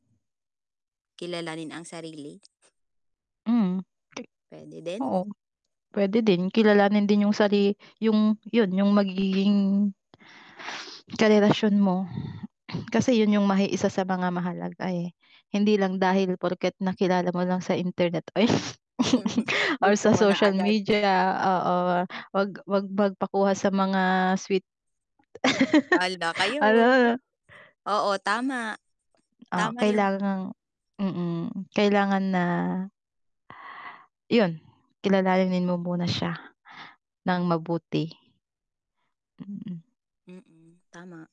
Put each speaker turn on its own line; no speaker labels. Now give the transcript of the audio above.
Kilalanin ang sarili.
Mhm.
Pwede din.
Oo. Pwede din, kilalanin din yung sari yung 'yon yung magiging karelasyon mo, kasi yun yung ma isa sa mga mahalaga eh, hindi lang dahil porket nakilala mo lang sa internet ay or
Gusto
sa
mo na
social
agad.
media, oo, 'wag 'wag magpakuha sa mga sweet
Al da kayo.
ano.
Oo, tama.
Ah,
Tama 'yon.
kailangang mm, kailangan na Yon, kilalanin mo muna siya nang mabuti. Mm.
Mm, tama.